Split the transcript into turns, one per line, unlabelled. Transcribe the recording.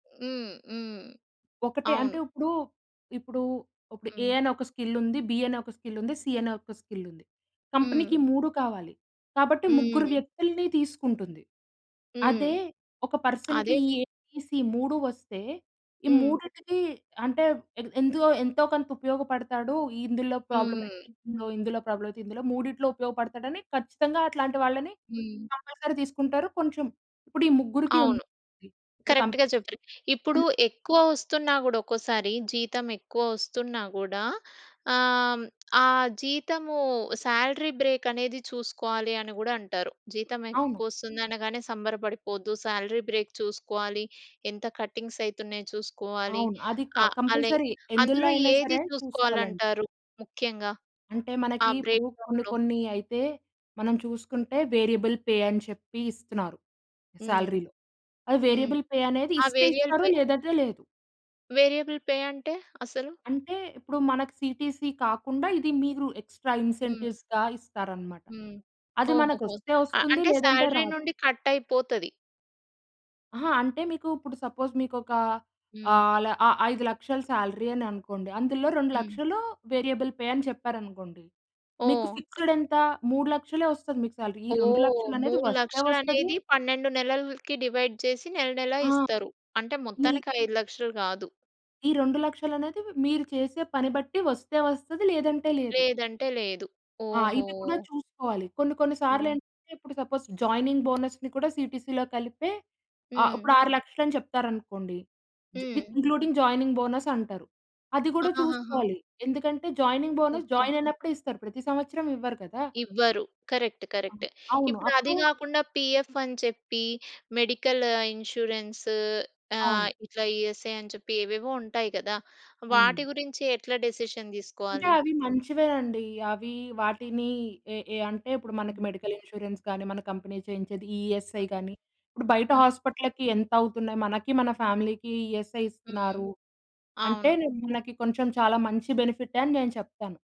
హ్మ్. హ్మ్.
ఒకటే. అంటే
అవును.
ఇప్పుడు, ఇప్పుడు, ఇప్పుడు ఏ
హ్మ్.
అనే ఒక స్కిల్ ఉంది. బి అనే ఒక స్కిల్ ఉంది. సి అనే ఒక స్కిల్ ఉంది. కంపెనీకి
హ్మ్.
3 కావాలి. కాబట్టి ముగ్గురు
హ్మ్.
వ్యక్తుల్ని తీసుకుంటుంది.
హ్మ్.
అదే ఒక పర్సన్‌కి
అదే
ఏ బి సి ఈ 3 వస్తే ఈ
హ్మ్.
మూడిటికి అంటే ఎంతో ఎంతో కొంత ఉపయోగపడతాడు. ఇందులో ప్రాబ్లమ్
హ్మ్.
ఇందులో ప్రాబ్లమ్ అయితే ఇందులో మూడిట్లో ఉపయోగపడతాడు అని ఖచ్చితంగా అట్లాంటి వాళ్ళని
హ్మ్.
కంపల్సరీ తీసుకుంటారు. కొంచెం ఇప్పుడు ఈ ముగ్గురికి
అవును.
ఉంది ఇప్పుడు కం
కరెక్ట్‌గా చెప్పారు. ఇప్పుడు ఎక్కువ వస్తున్నా గూడా ఒక్కోసారి, జీతం ఎక్కువ వస్తున్నా గూడా ఆహ్, ఆ జీతము సాలరీ బ్రేక్ అనేది చూసుకోవాలి అని గూడా అంటారు. జీతం
అవును.
ఎక్కువ వస్తుంది అనగానే సంబరపడిపోవద్దు. సాలరీ బ్రేక్ చూసుకోవాలి. ఎంత కటింగ్స్ అయితున్నాయో చూసుకోవాలి.
అవును. అది క
ఆహ్, అలె
కంపల్సరీ ఎందులో
అందులో
అయినా
ఏది
సరే
చూసుకోవాలి
చూసుకోవాలండి.
అంటారు ముఖ్యంగా
అంటే
ఆ
మనకి ఇప్పుడు
బ్రేక్
కొన్ని
డౌన్‌లో?
కొన్ని అయితే మనం చూసుకుంటే వేరియబుల్ పే అని చెప్పి ఇస్తున్నారు
హ్మ్.
సాలరీ‌లో. ఆ
హ్మ్.
వేరియబుల్ పే అనేది
ఆ
ఇస్తే
వేరియల్
ఇస్తారు
పే
లేదంటే లేదు.
వేరియబుల్ పే అంటే? అసలు.
అంటే ఇప్పుడు మనకు సీటీసీ కాకుండా ఇది మీరు ఎక్స్ట్రా
హ్మ్.
ఇన్సెంటివ్స్‌గా ఇస్తారన్నమాట.
హ్మ్.
అది మనకు
ఓహోహో!
వస్తే
అ
వస్తుంది
అంటే
లేదంటే
సాలరీ
రాదు.
నుండి కట్ అయిపోతది.
అహా! అంటే మీకు ఇప్పుడు సపోజ్ మీకు ఒక
హ్మ్.
ఆహ్, అలా ఆ 5,00,000 సాలరీ అని అనుకోండి. అందులో రెండు
హ్మ్.
లక్షలు వేరియబుల్ పే అని చెప్పారు అనుకోండి. మీకు
ఓహ్!
ఫిక్స్డ్ ఎంత 3,00,000 వస్తుంది మీకు సాలరీ. ఈ రెండు
ఓహ్!
లక్షలు అనేది
మూడు
వస్తే
లక్షలు
వస్తది
అనేది 12 నెలలకి డివైడ్ చేసి నెల నెల
ఆ!
ఇస్తారు. అంటే
ఈ
మొత్తానికి 5,00,000 కాదు.
ఈ 2,00,000 అనేది మీరు చేసే పని బట్టి వస్తే వస్తది లేదంటే లేదు.
లేదంటే లేదు.
ఆ!
ఓహో!
ఇవి కూడా చూసుకోవాలి. కొన్ని కొన్ని సార్లు
హ్మ్.
ఏంటంటే, ఇప్పుడు సపోజ్ జాయినింగ్ బోనస్‌ని కూడా సీటీసీ‌లో కలిపే ఆహ్, ఇప్పుడు
హ్మ్.
6,00,000 అని చెప్తారు అనుకోండి. జ్ విత్
హ్మ్.
ఇంక్లూడింగ్ జాయినింగ్ బోనస్ అంటారు. అది కూడా
ఆహాహ!
చూసుకోవాలి. ఎందుకంటే జాయినింగ్ బోనస్
ఓకే.
జాయిన్ అయినప్పుడే ఇస్తారు. ప్రతి సంవత్సరం ఇవ్వరు కదా!
ఇవ్వరు. కరెక్ట్.
ఆ!
కరెక్ట్.
అవును.
ఇప్పుడు
అప్పుడు
అది కాకుండా పిఎఫ్ అని చెప్పి మెడికల్ ఇన్స్యూరెన్స్ ఆహ్,
అవును.
ఇట్లా ఈఎస్ఐ అని చెప్పి ఏవేవో ఉంటాయి కదా! వాటి
అవునండి.
గురించి ఎట్లా డెసిషన్
అంటే
తీసుకోవాలి?
అవి మంచివేనండి. అవి వాటిని ఏ, ఏ అంటే ఇప్పుడు మనకి
హ్మ్.
మెడికల్ ఇన్స్యూరెన్స్ కానీ మన కంపెనీ చేయించేది ఈ ఈఎస్ఐ కాని. ఇప్పుడు బయట
హ్మ్.
హాస్పిటల్లకి ఎంత అవుతున్నాయి మనకి మన ఫ్యామిలీకి ఈఎస్ఐ
హ్మ్.
ఇస్తున్నారు. అంటే
అవును.
మనకి కొంచెం చాలా మంచి బెనిఫిటే అని నేను చెప్తాను.